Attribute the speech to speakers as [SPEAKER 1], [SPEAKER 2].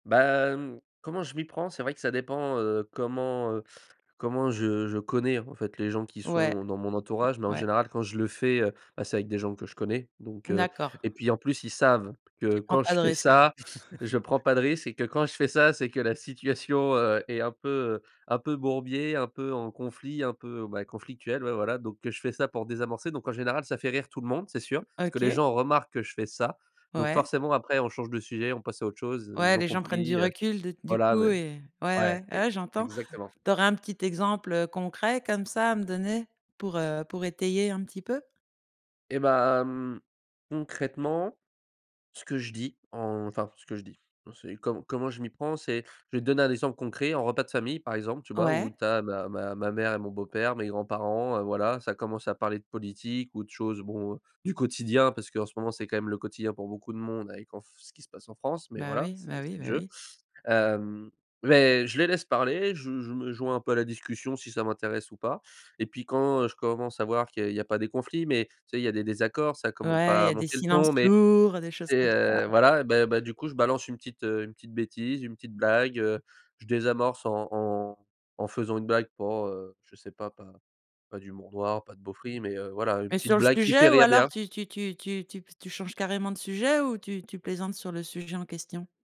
[SPEAKER 1] Bah hem, comment je m'y prends? C'est vrai que ça dépend, heu, comment, heu, comment je je connais, en fait, les gens qui
[SPEAKER 2] Ouais.
[SPEAKER 1] sont dans mon entourage. Mais en
[SPEAKER 2] Ouais.
[SPEAKER 1] général, quand je le fais, heu, bah c'est avec des gens que je connais. Donc heu
[SPEAKER 2] D'accord.
[SPEAKER 1] et puis en plus, ils savent que
[SPEAKER 2] Tu prends
[SPEAKER 1] quand
[SPEAKER 2] pas
[SPEAKER 1] je
[SPEAKER 2] de
[SPEAKER 1] fais
[SPEAKER 2] risque.
[SPEAKER 1] ça, je prends pas de risque et que quand je fais ça, c'est que la situation, heu, est un peu, heu, un peu bourbier, un peu en conflit, un peu bah, conflictuelle, ouais, voilà. Donc que je fais ça pour désamorcer. Donc en général, ça fait rire tout le monde, c'est sûr. Parce que les
[SPEAKER 2] OK.
[SPEAKER 1] gens remarquent que je fais ça. Donc
[SPEAKER 2] Ouais.
[SPEAKER 1] forcément, après on change de sujet, on passe à autre chose, heu,
[SPEAKER 2] Ouais,
[SPEAKER 1] ils ont
[SPEAKER 2] les gens prennent du
[SPEAKER 1] compris, heu,
[SPEAKER 2] recul d du
[SPEAKER 1] voilà
[SPEAKER 2] coup
[SPEAKER 1] mais
[SPEAKER 2] et ouais,
[SPEAKER 1] ouais,
[SPEAKER 2] ouais,
[SPEAKER 1] ex
[SPEAKER 2] ouais j'entends.
[SPEAKER 1] exactement.
[SPEAKER 2] Tu aurais un petit exemple, heu, concret comme ça à me donner? Pour, heu, pour étayer un petit peu?
[SPEAKER 1] Et bah, mmh, concrètement, ce que je dis, enfin ce que je dis, non c'est com comment je m'y prends c'est je vais te donner un exemple concret en repas de famille, par exemple, tu vois?
[SPEAKER 2] Ouais.
[SPEAKER 1] Où tu as ma ma ma mère et mon beau père, mes grands parents, heu, voilà, ça commence à parler de politique ou de choses bon, du quotidien, parce qu'en ce moment, c'est quand même le quotidien pour beaucoup de monde avec en f ce qui se passe en France. Mais
[SPEAKER 2] Bah
[SPEAKER 1] voilà,
[SPEAKER 2] oui,
[SPEAKER 1] c'est
[SPEAKER 2] bah oui,
[SPEAKER 1] c'est le
[SPEAKER 2] bah
[SPEAKER 1] jeu.
[SPEAKER 2] oui.
[SPEAKER 1] Hem, mais je les laisse parler. Je je me joins un peu à la discussion si ça m'intéresse ou pas et puis quand, heu, je commence à voir qu'il y a il y a pas des conflits, mais tu sais il y a des désaccords, ça commence
[SPEAKER 2] Ouais, il
[SPEAKER 1] pas
[SPEAKER 2] y
[SPEAKER 1] à
[SPEAKER 2] a des
[SPEAKER 1] monter le
[SPEAKER 2] silences
[SPEAKER 1] ton, mais,
[SPEAKER 2] lourds, des choses
[SPEAKER 1] tu sais,
[SPEAKER 2] comme ça,
[SPEAKER 1] heu,
[SPEAKER 2] ouais.
[SPEAKER 1] voilà, bah bah du coup, je balance une petite, heu, une petite bêtise, une petite blague, heu, je désamorce en en en faisant une blague pour, heu, je sais pas, pas pas d'humour noir, pas de beauferie mais heu, voilà une
[SPEAKER 2] Mais
[SPEAKER 1] petite
[SPEAKER 2] sur le
[SPEAKER 1] blague qui fait
[SPEAKER 2] sujet ou
[SPEAKER 1] rire
[SPEAKER 2] alors
[SPEAKER 1] bien
[SPEAKER 2] tu tu tu tu tu p tu changes carrément de sujet ou tu tu plaisantes sur le sujet en question?